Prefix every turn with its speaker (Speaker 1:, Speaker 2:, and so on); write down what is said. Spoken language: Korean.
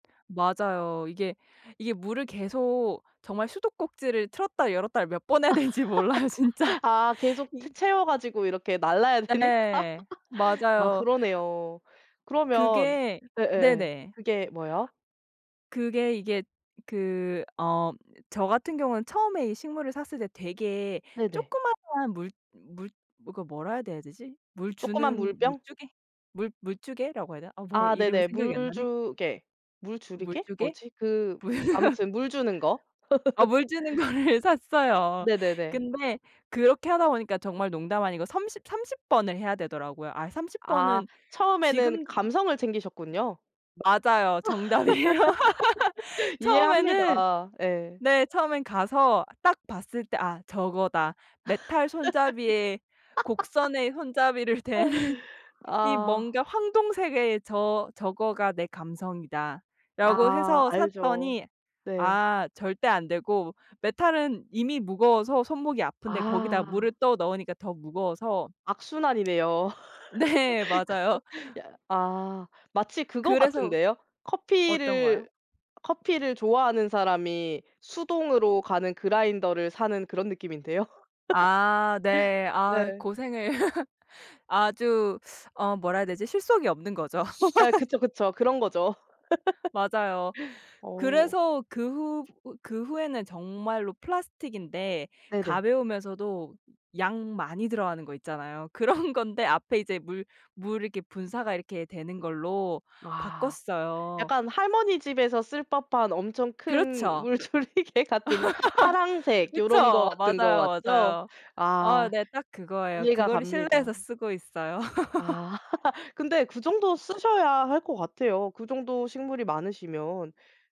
Speaker 1: 맞아요. 이게 이게 물을 계속 정말 수도꼭지를 틀었다 열었다를 몇 번 해야 되는지 몰라요 진짜.
Speaker 2: 아 계속 채
Speaker 1: 이
Speaker 2: 채워 가지고 이렇게 날라야 되니까
Speaker 1: 네.
Speaker 2: 아
Speaker 1: 맞아요.
Speaker 2: 그러네요. 그러면
Speaker 1: 그게
Speaker 2: 예예예.
Speaker 1: 네네.
Speaker 2: 그게 뭐요?
Speaker 1: 그게 이게 그 어 저 같은 경우는 처음에 이 식물을 샀을 때 되게
Speaker 2: 네네.
Speaker 1: 조그마한 물 물 그 뭐라 해야 돼야 되지? 물
Speaker 2: 조그만
Speaker 1: 주는
Speaker 2: 물병?
Speaker 1: 물주개? 물 물주개라고 해야 되나? 아 뭐
Speaker 2: 아
Speaker 1: 이름이
Speaker 2: 네네.
Speaker 1: 생각이 안 나네.
Speaker 2: 물주개 물주리개
Speaker 1: 물주개?
Speaker 2: 뭐지? 그
Speaker 1: 뭐야.
Speaker 2: 아무튼 물 주는 거?
Speaker 1: 아 물 주는 거를 샀어요.
Speaker 2: 네네네.
Speaker 1: 근데 그렇게 하다 보니까 정말 농담 아니고 삼십 삼십 번을 해야 되더라고요. 아 30
Speaker 2: 아
Speaker 1: 번은
Speaker 2: 처음에는
Speaker 1: 지금
Speaker 2: 감성을 챙기셨군요.
Speaker 1: 맞아요. 정답이에요. 처음에는
Speaker 2: 이해합니다. 예.
Speaker 1: 네. 처음에는 가서 딱 봤을 때 '아 저거다. 메탈 손잡이에 곡선의 손잡이를 댄 이
Speaker 2: 아.
Speaker 1: 뭔가 황동색의 저 저거가 내 감성이다.'라고
Speaker 2: 아
Speaker 1: 해서
Speaker 2: 알죠.
Speaker 1: 샀더니
Speaker 2: 네.
Speaker 1: 아 절대 안 되고 메탈은 이미 무거워서 손목이 아픈데 거기다
Speaker 2: 아.
Speaker 1: 물을 떠 넣으니까 더 무거워서
Speaker 2: 악순환이네요.
Speaker 1: 네. 맞아요.
Speaker 2: 그 야 아. 마치 그거
Speaker 1: 그래서
Speaker 2: 같은데요.
Speaker 1: 어떤 거요?
Speaker 2: 커피를 커피를 좋아하는 사람이 수동으로 가는 그라인더를 사는 그런 느낌인데요.
Speaker 1: 아 네. 아
Speaker 2: 네.
Speaker 1: 고생을 아주 어 뭐라 해야 되지? 실속이 없는 거죠.
Speaker 2: 네. 그쵸, 그쵸. 그런 거죠.
Speaker 1: 맞아요.
Speaker 2: 어.
Speaker 1: 그래서 그 후 그 후에는 정말로 플라스틱인데
Speaker 2: 네네.
Speaker 1: 가벼우면서도 양 많이 들어가는 거 있잖아요. 그런 건데 앞에 이제 물 물 이렇게 분사가 이렇게 되는 걸로
Speaker 2: 아.
Speaker 1: 바꿨어요.
Speaker 2: 약간 할머니 집에서 쓸 법한 엄청 큰
Speaker 1: 그렇죠.
Speaker 2: 물조리개 같은 파랑색 요런 거
Speaker 1: 그쵸.
Speaker 2: 같은 거
Speaker 1: 맞아요,
Speaker 2: 맞죠?
Speaker 1: 맞아요. 아
Speaker 2: 아
Speaker 1: 네. 딱 그거예요.
Speaker 2: 이해가
Speaker 1: 그거를
Speaker 2: 갑니다.
Speaker 1: 실내에서 쓰고 있어요.
Speaker 2: 아. 근데 그 정도 쓰셔야 할 것 같아요. 그 정도 식물이 많으시면.